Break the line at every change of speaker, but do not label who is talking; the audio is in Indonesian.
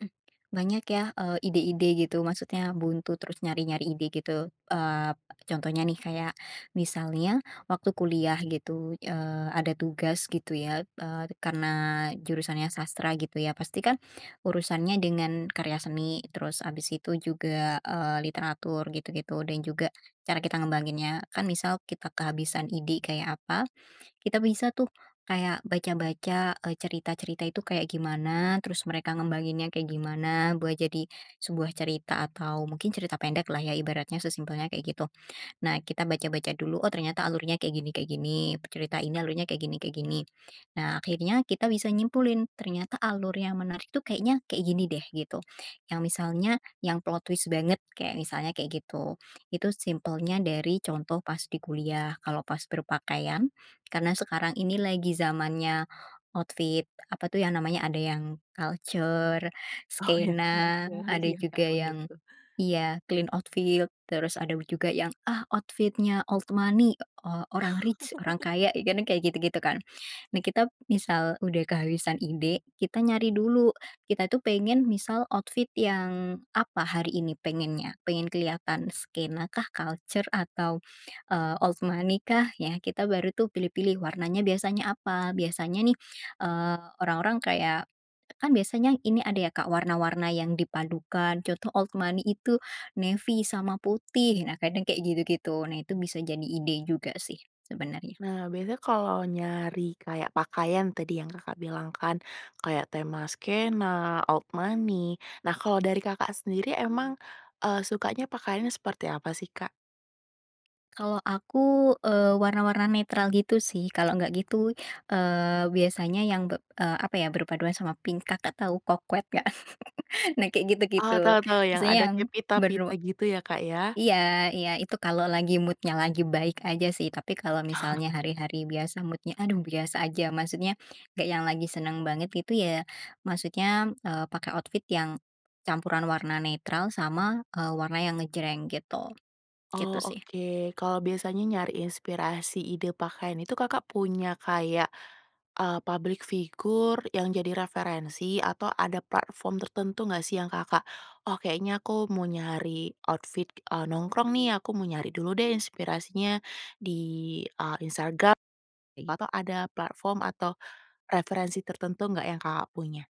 Mhm. Banyak ya, eee, ide-ide gitu. Maksudnya buntu, terus nyari-nyari ide gitu, eee, contohnya nih, kayak misalnya waktu kuliah gitu, eee, ada tugas gitu ya. Eee, karena jurusannya sastra gitu ya, pasti kan, urusannya dengan karya seni. Terus habis itu juga, eee, literatur gitu-gitu, dan juga cara kita ngembanginnya. Kan misal kita kehabisan ide, kayak apa, kita bisa tuh kayak baca-baca, eee, cerita-cerita itu kayak gimana, terus mereka ngembanginnya kayak gimana buat jadi sebuah cerita, atau mungkin cerita pendek lah ya ibaratnya, sesimpelnya kayak gitu. Nah, kita baca-baca dulu. Oh, ternyata alurnya kayak gini kayak gini. Pe cerita ini alurnya kayak gini kayak gini. Nah, akhirnya kita bisa nyimpulin, ternyata alur yang menarik itu kayaknya kayak gini deh, gitu. Yang misalnya, yang plot twist banget. Kek misalnya kek gitu. Itu simpelnya dari contoh pas di kuliah. Kalau pas berpakaian, karena sekarang ini lagi zamannya outfit, apa tuh yang namanya ada yang kalcer,
Oh, yang
skena,
kalcer.
ada
Ya Kak.
juga
Benar
yang
tuh.
iya, clean outfit. Terus ada juga yang, ah, outfit-nya old money, o orang rich, orang kaya. Iya kan kayak gitu-gitu kan. Nah, kita misal udah kehabisan ide, kita nyari dulu. Kita tuh pengen misal outfit yang apa hari ini pengennya. Pengen kelihatan skena kah, kalcer, atau, eee, old money kah? Ya, kita baru tuh pilih-pilih, warnanya biasanya apa. Biasanya nih, eee, orang-orang kayak, kan biasanya ini ada ya, Kak, warna-warna yang dipadukan. Contoh old money itu, navy sama putih. Nah, kadang kayak gitu-gitu. Nah, itu bisa jadi ide juga sih sebenarnya.
Nah, biasanya kalo nyari kayak pakaian tadi yang Kakak, bilang kan. Kayak tema skena, old money. Nah, kalau dari Kakak sendiri emang, eee, sukanya pakaiannya seperti apa sih, Kak?
Kalau aku, eee, warna-warna netral gitu sih. Kalau nggak gitu, eee, biasanya yang be eee, apa, ya berpaduan sama pink. Kakak tau, coquette nggak? Nah kayak
Oh,
gitu-gitu,
tau tau yang
maksudnya
ada
yang
kek
bernu
pita-pita gitu ya, Kak, ya?
i iya, iya itu kalau lagi mood-nya lagi baik aja sih. Tapi kalau misalnya hari-hari biasa mood-nya, aduh biasa aja. Maksudnya, gak yang lagi senang banget gitu ya, maksudnya, mmm, eee, pakai outfit yang campuran warna netral sama, eee, warna yang ngejreng gitu. Gitu
Oh,
sih.
oke. Kalau biasanya nyari inspirasi ide pakaian itu, Kakak punya kayak, eee, publik figur yang jadi referensi atau ada platform tertentu nggak sih yang Kakak, "Oh kayaknya aku mau nyari outfit, eee, nongkrong nih, aku mau nyari dulu deh inspirasinya di, eee, Instagram," ei, atau ada platform atau referensi tertentu gak yang Kakak punya?